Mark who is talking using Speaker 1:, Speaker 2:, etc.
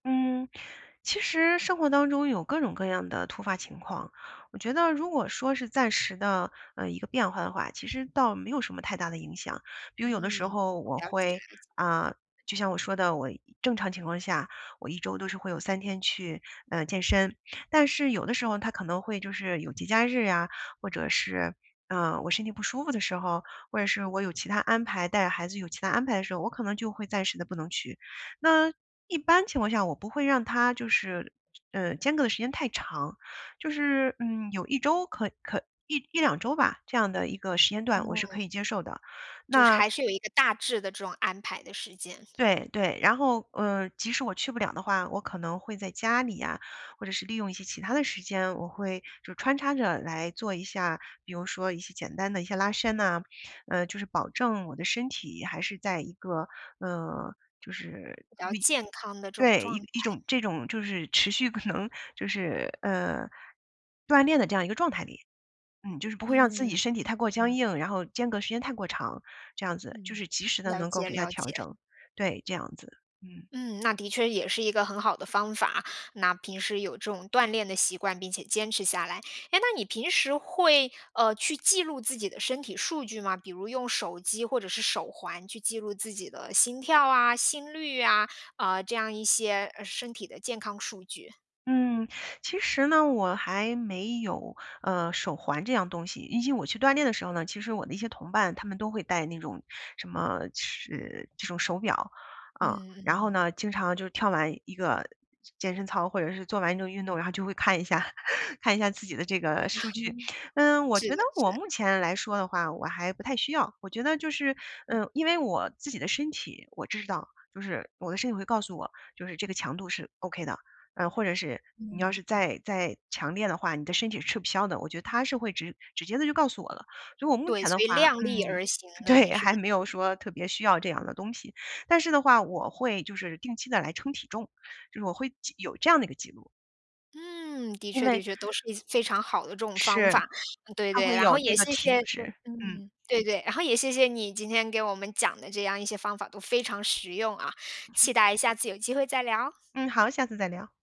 Speaker 1: 嗯，其实生活当中有各种各样的突发情况。我觉得如果说是暂时的，呃，一个变化的话，其实倒没有什么太大的影响。比如有的时
Speaker 2: 嗯，
Speaker 1: 候
Speaker 2: 我
Speaker 1: 我
Speaker 2: 了解，了
Speaker 1: 会，
Speaker 2: 解。
Speaker 1: 啊，就像我说的，我正常情况下，我1周都是会有3天去，呃，健身。但是有的时候它可能会就是有节假日啊，或者是，呃，我身体不舒服的时候，或者是我有其他安排带孩子有其他安排的时候，我可能就会暂时地不能去。那一般情况下，我不会让它就是，呃，间隔的时间太长。就是，嗯，有1周可-可1-1-2周吧。这样的一个时间段我是
Speaker 2: 嗯。
Speaker 1: 可以接受的，
Speaker 2: 就是
Speaker 1: 那
Speaker 2: 还是有一个大致的这种安排的时间。
Speaker 1: 对，对。然后，呃，即使我去不了的话，我可能会在家里呀，或者是利用一些其它的时间，我会就穿插着来做一下。比如说一些简单的一些拉伸呐，呃，就是保证我的身体还是在一个，呃，就是
Speaker 2: 比较健康的这种
Speaker 1: [unintelligible] 对，一
Speaker 2: 状态。
Speaker 1: 一种这种就是持续可能就是，呃，锻炼的这样一个状态里。嗯，就是不会让自
Speaker 2: 嗯，
Speaker 1: 己
Speaker 2: 嗯
Speaker 1: 身体太过僵
Speaker 2: 嗯。
Speaker 1: 硬，然后间隔时间太过长，这样子。就
Speaker 2: 嗯，
Speaker 1: 是及时地
Speaker 2: 了
Speaker 1: 能够
Speaker 2: 解
Speaker 1: 给它
Speaker 2: 了
Speaker 1: 调
Speaker 2: 解。
Speaker 1: 整。对，这样子。嗯。
Speaker 2: 嗯，那的确也是一个很好的方法。那平时有这种锻炼的习惯，并且坚持下来。哎，那你平时会，呃，去记录自己的身体数据吗？比如用手机或者是手环去记录自己的心跳啊、心率啊，呃，这样一些呃身体的健康数据？
Speaker 1: 嗯，其实呢，我还没有，呃，手环这样东西。以及我去锻炼的时候呢，其实我的一些同伴他们都会戴那种什么，是这种手表啊。
Speaker 2: 嗯
Speaker 1: 然后
Speaker 2: 嗯。
Speaker 1: 呢，经常就跳完一个健身操，或者是做完一个运动，然后就会看一下，看一下自己的这个 数据。嗯，我
Speaker 2: 是
Speaker 1: 觉
Speaker 2: 的，
Speaker 1: 得
Speaker 2: 是
Speaker 1: 我
Speaker 2: 的。
Speaker 1: 目前来说的话我还不太需要。我觉得就是，
Speaker 2: 嗯。
Speaker 1: 嗯，因为我自己的身体，我知道。就是我的身体会告诉我，就是这个强度是 OK 的，然后或者是你要
Speaker 2: 嗯
Speaker 1: 是
Speaker 2: 嗯。
Speaker 1: 再再强烈的话，你的身体是吃不消的。我觉得它是会直直接地就告诉我了。所以我目
Speaker 2: 对，
Speaker 1: 前
Speaker 2: 所
Speaker 1: 的话
Speaker 2: 以量
Speaker 1: 嗯，
Speaker 2: 力而行的你
Speaker 1: 对，
Speaker 2: 是。
Speaker 1: 还没有说特别需要这样的东西。但是的话我会就是定期地来称体重，就是我会就有这样的一个记录。
Speaker 2: 嗯，的
Speaker 1: 因
Speaker 2: 确的
Speaker 1: 为
Speaker 2: 确，都是一些非常好的这种方
Speaker 1: 是，
Speaker 2: 法。嗯对
Speaker 1: 它
Speaker 2: 对，
Speaker 1: 会
Speaker 2: 然后
Speaker 1: 有
Speaker 2: 也
Speaker 1: 那个
Speaker 2: 谢
Speaker 1: 体
Speaker 2: 谢
Speaker 1: 脂。嗯。
Speaker 2: 嗯，对对，然后也谢谢你今天给我们讲的这样一些方法，都非常实用啊。
Speaker 1: 嗯哼。
Speaker 2: 期待下次有机会再聊。
Speaker 1: 嗯，好。下次再聊。